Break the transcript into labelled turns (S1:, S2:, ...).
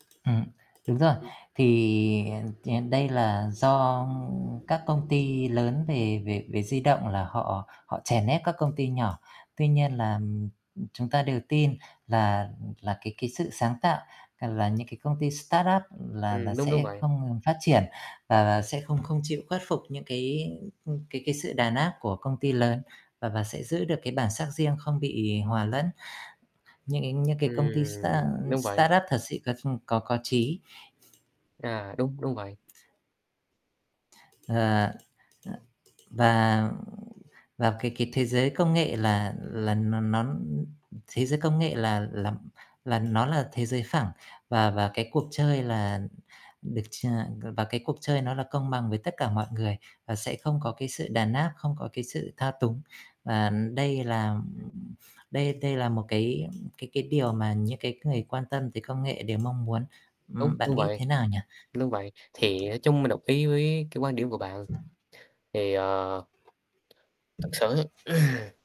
S1: Ừm, đúng rồi.
S2: Ừm.
S1: Thì đ đây là do các công ty lớn về về về di động là họ họ chèn ép các công ty nhỏ. Tuy nhiên là chúng ta đều tin là là cái cái sự sáng tạo, là những cái công ty startup là là
S2: Ừm, đúng, đúng
S1: sẽ
S2: vậy.
S1: không ngừng phát triển, và và sẽ không không chịu khuất phục những cái cái cái sự đàn áp của công ty lớn, và và sẽ giữ được cái bản sắc riêng, không bị hòa lẫn những cái những cái công ty start
S2: Ừm. Đúng vậy.
S1: startup thật sự có có có chí.
S2: À, đúng, đúng vậy.
S1: Ờ. Và và cái cái thế giới công nghệ là là nó nó thế giới công nghệ là là là nó là thế giới phẳng. Và và cái cuộc chơi là được ch và cái cuộc chơi nó là công bằng với tất cả mọi người, và sẽ không có cái sự đàn áp, không có cái sự thao túng. Và đây là
S2: Ừm.
S1: đây đây là một cái cái cái điều mà những cái người quan tâm tới công nghệ đều mong muốn.
S2: Đúng,
S1: Ừm,
S2: đúng
S1: bạn nghĩ
S2: vậy,
S1: thế nào nhỉ?
S2: đúng vậy. Thì nói chung mình đồng ý với cái quan điểm của bạn. Thì, ờ Thật sự ừm.